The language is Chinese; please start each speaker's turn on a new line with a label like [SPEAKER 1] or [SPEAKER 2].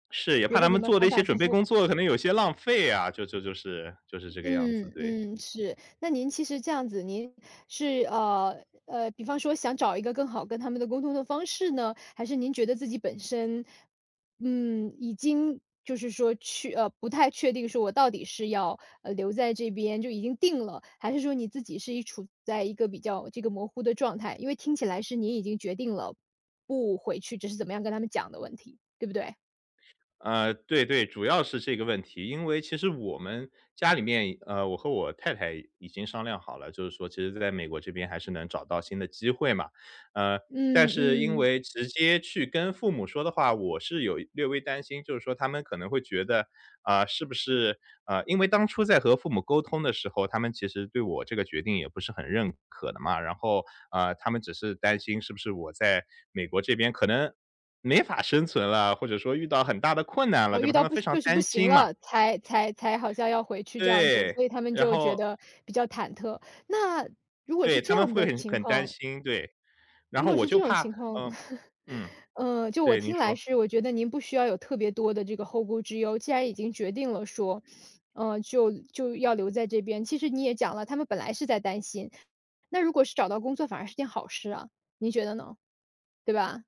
[SPEAKER 1] 是，也怕
[SPEAKER 2] 觉得
[SPEAKER 1] 他
[SPEAKER 2] 你
[SPEAKER 1] 们
[SPEAKER 2] 们
[SPEAKER 1] 做的
[SPEAKER 2] 反
[SPEAKER 1] 一些
[SPEAKER 2] 反
[SPEAKER 1] 准
[SPEAKER 2] 复
[SPEAKER 1] 备
[SPEAKER 2] 复。
[SPEAKER 1] 工作可能有些浪费啊，就就就是就是这个样子，
[SPEAKER 2] 嗯
[SPEAKER 1] 对。
[SPEAKER 2] 嗯，是。那您其实这样子，您是呃呃，比方说想找一个更好跟他们的沟通的方式呢？还是您觉得自己本身，嗯，已经就是说，去呃，不太确定说我到底是要，呃，留在这边，就已经定了。还是说你自己是一处在一个比较这个模糊的状态。因为听起来是您已经决定了不回去，只是怎么样跟他们讲的问题，对不对？
[SPEAKER 1] 呃，对对。主要是这个问题。因为其实我们家里面，呃，我和我太太已经商量好了，就是说其实在美国这边还是能找到新的机会嘛。呃，但
[SPEAKER 2] 嗯
[SPEAKER 1] 是因
[SPEAKER 2] 嗯。
[SPEAKER 1] 为直接去跟父母说的话，我是有略微担心，就是说他们可能会觉得，啊，是不是啊，因为当初在和父母沟通的时候，他们其实对我这个决定也不是很认可的嘛，然后，呃，他们只是担心是不是我在美国这边，可能没法生存了，或者说遇到很大的困难了，
[SPEAKER 2] 啊，
[SPEAKER 1] 对
[SPEAKER 2] 遇
[SPEAKER 1] 吧，他
[SPEAKER 2] 到
[SPEAKER 1] 们
[SPEAKER 2] 不
[SPEAKER 1] 非
[SPEAKER 2] 行
[SPEAKER 1] 常
[SPEAKER 2] 就是不
[SPEAKER 1] 担
[SPEAKER 2] 行
[SPEAKER 1] 心嘛。
[SPEAKER 2] 了，才才才好像要回去这样子。
[SPEAKER 1] 对，
[SPEAKER 2] 所以他们
[SPEAKER 1] 然
[SPEAKER 2] 就觉
[SPEAKER 1] 后
[SPEAKER 2] 得比较忐忑，那，如果
[SPEAKER 1] 对，
[SPEAKER 2] 是
[SPEAKER 1] 他
[SPEAKER 2] 这
[SPEAKER 1] 们
[SPEAKER 2] 样
[SPEAKER 1] 会
[SPEAKER 2] 的
[SPEAKER 1] 很
[SPEAKER 2] 情
[SPEAKER 1] 很担
[SPEAKER 2] 况。
[SPEAKER 1] 心，对。然
[SPEAKER 2] 如
[SPEAKER 1] 后
[SPEAKER 2] 果
[SPEAKER 1] 我
[SPEAKER 2] 是这
[SPEAKER 1] 就
[SPEAKER 2] 种
[SPEAKER 1] 怕，
[SPEAKER 2] 情况。
[SPEAKER 1] 呃，嗯，
[SPEAKER 2] 嗯，就我
[SPEAKER 1] 对，您
[SPEAKER 2] 听来
[SPEAKER 1] 说。
[SPEAKER 2] 是，我觉得您不需要有特别多的这个后顾之忧。既然已经决定了说，呃，就就要留在这边其实你也讲了，他们本来是在担心，那如果是找到工作反而是件好事啊。您觉得呢？对吧？